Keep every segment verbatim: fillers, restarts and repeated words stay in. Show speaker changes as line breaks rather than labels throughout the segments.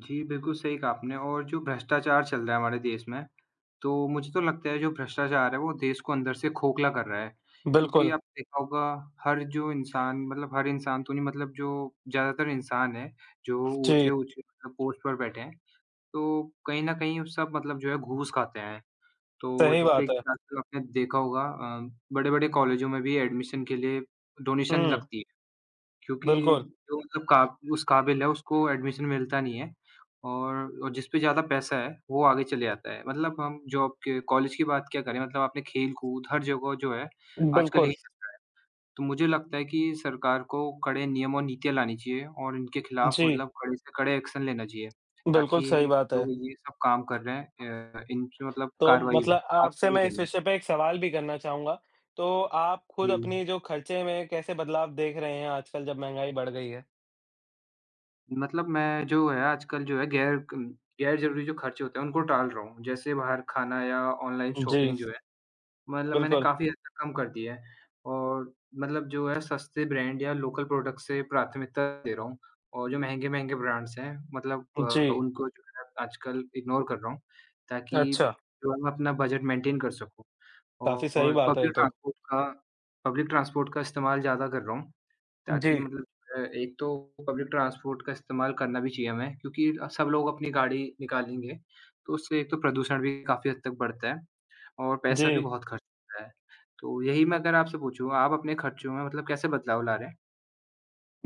जी, बिल्कुल सही कहा आपने और जो भ्रष्टाचार चल रहा है हमारे देश में, तो मुझे तो लगता है जो भ्रष्टाचार है वो देश को अंदर से खोखला कर रहा है, क्योंकि
बिल्कुल।
आपने देखा होगा हर जो इंसान मतलब हर इंसान तो नहीं मतलब जो ज़्यादातर इंसान है, जो
जी।
ऊँचे-ऊँची मतलब पोस्ट पर बैठे हैं, तो कहीं न कहीं उस सब मतलब जो है घूस खाते हैं। तो
सही
जिससे
बात है।
[unintelligible] आपने देखा होगा अ, बड़े-बड़े कॉलेजों में भी एडमिशन के लिए डोनेशन
हुँ।
लगती है, क्योंकि
बिल्कुल।
जो मतलब का उस काबिल है उसको एडमिशन मिलता नहीं है और जिसपे ज़्यादा पैसा है, वो आगे चले जाता है। मतलब हम जॉब के कॉलेज की बात क्या करें मतलब आपने खेल-कूद हर जगह जो है आजकल
बिल्कुल।
यही चल रहा है। तो मुझे लगता है कि सरकार को कड़े नियम और नीतियाँ लानी चाहिए और इनके खिलाफ
जी।
मतलब कड़े से कड़े एक्शन लेना चाहिए
बिल्कुल,
ताकि
सही बात है।
जो ये सब काम कर रहे हैं अ, इनसे मतलब
तो
करवाई हो।
मतलब
आपका
आपसे
क्या
मैं इस
कहना है?
विषय पे एक सवाल भी करना चाहूँगा। तो आप खुद
जी।
अपनी जो खर्चे में कैसे बदलाव देख रहे हैं आजकल जब महँगाई बढ़ गयी है?
मतलब मैं जो है आजकल जो है गैर क गैर-ज़रूरी जो खर्चे होते हैं उनको टाल रहा हूँ। जैसे बाहर खाना या ऑनलाइन
जी।
शॉपिंग जो है, मतलब मैंने
बिल्कुल।
काफ़ी हद तक कम कर दिया है और मतलब जो है सस्ते ब्रैंड या लोकल प्रोडक्ट से प्राथमिकता दे रहा हूँ और जो महँगे-महँगे ब्रैंड्स है मतलब अ,
जी।
उनको जो है आजकल इग्नोर कर रहा हूँ ताकि
अच्छा।
जो है मैं अपना बजट मेंटेन कर सकूँ
काफ़ी सही
और
बात है ये
पब्लिक
तो।
ट्रांसपोर्ट का पब्लिक ट्रांसपोर्ट का इस्तेमाल ज़्यादा कर रहा हूँ। ताकि
जी।
मतलब अ, एक तो पब्लिक ट्रांसपोर्ट का इस्तेमाल करना भी चाहिए हमें क्योंकि अ, सब लोग अपनी गाड़ी निकालेंगे, तो उससे एक तो प्रदूषण भी काफ़ी हद तक बढ़ता है और पैसा भी
जी।
बहुत खर्च होता है। तो यही मैं अगर आपसे पूछूँ आप अपने खर्चों में मतलब कैसे बदलाव ला रहे हैं?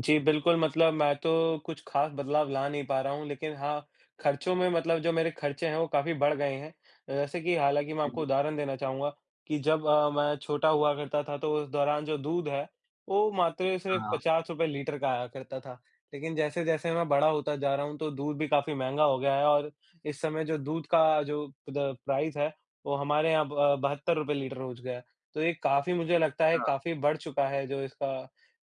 जी, बिल्कुल, मतलब मैं तो कुछ ख़ास बदलाव ला नहीं पा रहा हूँ लेकिन हाँ, खर्चों में मतलब जो मेरे खर्चे हैं वो काफ़ी बढ़ गए हैं। अ, जैसे कि हालाँकि मैं आपको
जी।
उदाहरण देना चाहूँगा कि जब अ, मैं छोटा हुआ करता था तो उस दौरान जो दूध है वो, मात्र सिर्फ
हाँ।
पचास रुपये लीटर का आया करता था। लेकिन जैसे-जैसे मैं बड़ा होता जा रहा हूँ तो दूध भी काफ़ी महँगा हो गया है और इस समय जो दूध का जो पुद अ, प्राइस है वो हमारे यहाँ ब बहत्तर रुपये लीटर हो गया है। तो ये काफ़ी मुझे लगता है
हाँ।
काफ़ी बढ़ चुका है जो इसका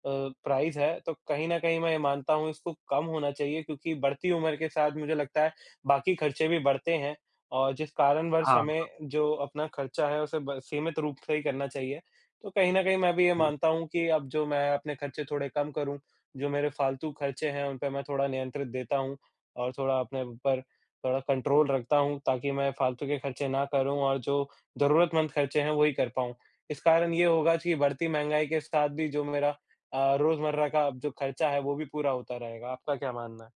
अ, प्राइस है। तो कहीं न कहीं मैं ये मानता हूँ इसको कम होना चाहिए क्योंकि बढ़ती उम्र के साथ मुझे लगता है बाकी खर्चे भी बढ़ते हैं और जिस कारणवश
हाँ,
हमें
हाँ।
जो अपना खर्चा है उसे ब सीमित रूप से ही करना चाहिए। तो कहीं न कहीं मैं भी ये
हुँ।
मानता हूँ कि अब जो मैं अपने खर्चे थोड़े कम करूँ, जो मेरे फालतू खर्चे हैं उन पे मैं थोड़ा नियंत्रित देता हूँ और थोड़ा अपने ऊपर अ, कंट्रोल रखता हूँ ताकि मैं फालतू के खर्चे ना करूँ और जो जरूरतमंद खर्चे हैं वही कर पाऊँ। इस कारण ये होगा कि बढ़ती महँगाई के साथ भी जो मेरा अ, रोज़मर्रा का जो खर्चा है वो भी पूरा होता रहेगा, आपका क्या मानना है?